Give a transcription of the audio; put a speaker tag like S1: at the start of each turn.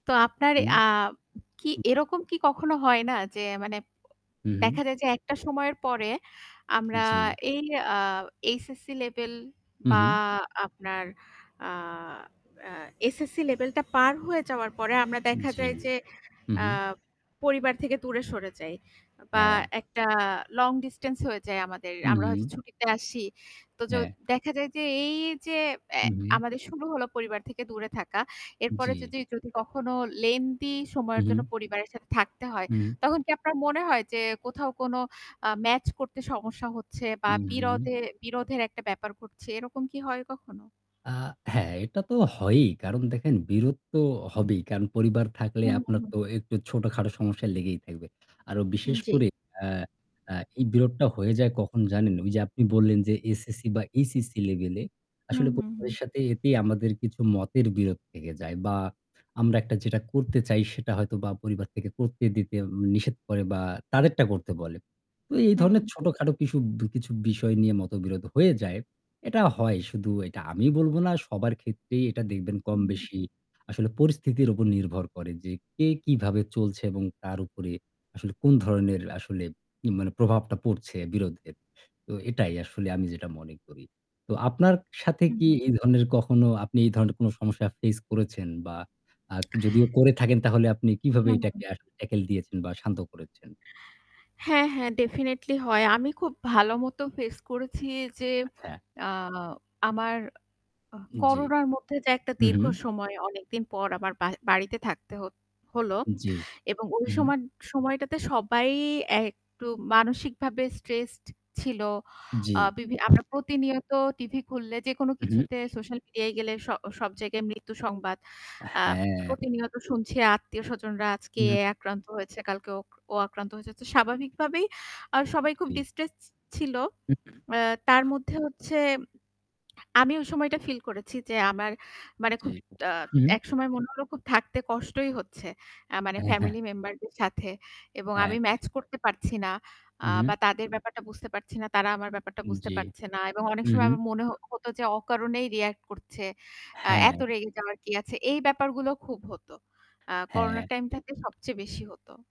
S1: তো আপনার
S2: হুম।
S1: আ কি এরকম কি কখনো হয় না যে মানে
S2: হু,
S1: দেখা
S2: হু।
S1: যায় যে একটা সময়ের পরে আমরা
S2: জ্বি।
S1: এই আ HSC level
S2: হু,
S1: বা
S2: হু।
S1: আপনার আ আ SSC level টা পার হয়ে যাওয়ার পরে আমরা দেখা
S2: জ্বি।
S1: যায় যে
S2: হু,
S1: আ
S2: হু।
S1: পরিবার থেকে দূরে সরে যাই। বা
S2: হ্যাঁ।
S1: একটা long distance হয়ে যায় আমাদের।
S2: হু,
S1: আমরা হয়তো
S2: হু।
S1: ছুটিতে আসি। তো য
S2: হ্যাঁ।
S1: দেখা যায় যে এই যে এ
S2: হু, হু।
S1: আমাদের শুরু হল পরিবার থেকে দূরে থাকা। এরপরে
S2: জ্বি।
S1: যদি, যদি কখনো lengthy
S2: হু,
S1: সময়ের জন্য
S2: হু।
S1: পরিবারের সাথে থাকতে হয়,
S2: হুম।
S1: তখন কি আপনার মনে হয় যে কোথাও কোনো আ match করতে সমস্যা হচ্ছে বা
S2: উম
S1: বিরদে বিরোধের একটা ব্যাপার ঘটছে এরকম কি হয় কখনো?
S2: আ হ্যাঁ, এটা তো হয়ই। কারণ দেখেন বিরোধ তো হবেই। কারণ পরিবার থাকলে
S1: হুম,
S2: আপনার
S1: হুম।
S2: তো একটু ছোটখাটো সমস্যা লেগেই থাকবে। আরো বিশেষ
S1: জ্বি।
S2: করে আ আ এই বিরোধটা হয়ে যায় কখন জানেন? ওই যে আপনি বললেন যে SSC বা HSC level এ,
S1: হুম,
S2: আসলে প
S1: হুম, হুম।
S2: সাথে এতেই আমাদের কিছু মতের বিরোধ থেকে যায়। বা আমরা একটা যেটা করতে চাই সেটা হয়তো বা পরিবার থেকে করতে দিতে নিষেধ করে বা তাদেরটা করতে বলে। তো এই
S1: হুম।
S2: ধরনের ছোটখাটো কিশু কিছু বিষয় নিয়ে মতবিরোধ হয়ে যায়। এটা হয়। শুধু এটা আমি বলব না। সবার ক্ষেত্রেই এটা দেখবেন
S1: হুম।
S2: কমবেশি আসলে পরিস্থিতির উপর নির্ভর করে যে কে কিভাবে চলছে এবং তার উপরে আসলে কোন ধরনের আসলে মানে প্রভাবটা পড়ছে বিরোধে। তো এটাই আসলে আমি যেটা মনে করি। তো আপনার সাথে
S1: হু,
S2: কি
S1: হু।
S2: এই ধরনের কখনো আপনি এই ধরনের কোনো সমস্যা face করেছেন? বা আ যদিও করে থাকেন তাহলে আপনি কীভাবে
S1: হু, হু।
S2: এটাকে আসলে tackle দিয়েছেন বা শান্ত করেছেন?
S1: হ্যাঁ, হ্যাঁ, definitely হয়। আমি খুব ভালো মত face করেছি যে
S2: আচ্ছা।
S1: আ আমার আহ
S2: জ্বি।
S1: করোনার মধ্যে যে একটা
S2: উম
S1: দীর্ঘ সময় অনেকদিন পর আমার বা বাড়িতে থাকতে হ হল।
S2: জ্বি।
S1: এবং ওই
S2: হু, হু।
S1: সময় সময়টাতে সবাই একটু মানসিকভাবে stressed ছিল।
S2: জ্বি।
S1: আ বিভি আমরা প্রতিনিয়ত TV খুললে, যেকোনো
S2: উম
S1: কিছুতে, সোশ্যাল মিডিয়ায় গেলে স সব জায়গায় মৃত্যু সংবাদ। আ
S2: হ্যাঁ।
S1: প্রতিনিয়ত শুনছি আত্মীয়স্বজনরা আজকে এ
S2: হুম।
S1: আক্রান্ত হয়েছে, কালকে ওক ও আক্রান্ত হয়েছে। তো স্বাভাবিকভাবেই আ সবাই খুব
S2: জ্বি।
S1: distress ছি ছিল। এ তার মধ্যে হচ্ছে আমি ওই সময়টা feel করেছি যে আমার মানে
S2: জ্বি।
S1: খুব আ
S2: হুম।
S1: একসময় মনে হলো খুব থাকতে কষ্টই হচ্ছে আ মানে
S2: হ্যাঁ, হ্যাঁ।
S1: family member দের সাথে। এবং আমি
S2: অ্যা
S1: match করতে পারছি না।
S2: হু,
S1: আ
S2: হুম।
S1: বা তাদের ব্যাপারটা বুঝতে পারছি না। তারা আমার ব্যাপারটা
S2: উম
S1: বুঝতে
S2: জ্বি।
S1: পারছে না। এবং অনেক
S2: হু,
S1: সময়
S2: হু।
S1: আমার মনে হ হত যে অকারণেই react করছে। আ
S2: হ্যাঁ।
S1: এত রেগে যাওয়ার কি আছে? এই ব্যাপারগুলো খুব হতো। আ করোনা
S2: হ্যাঁ।
S1: time টাতে সবচেয়ে বেশি হত।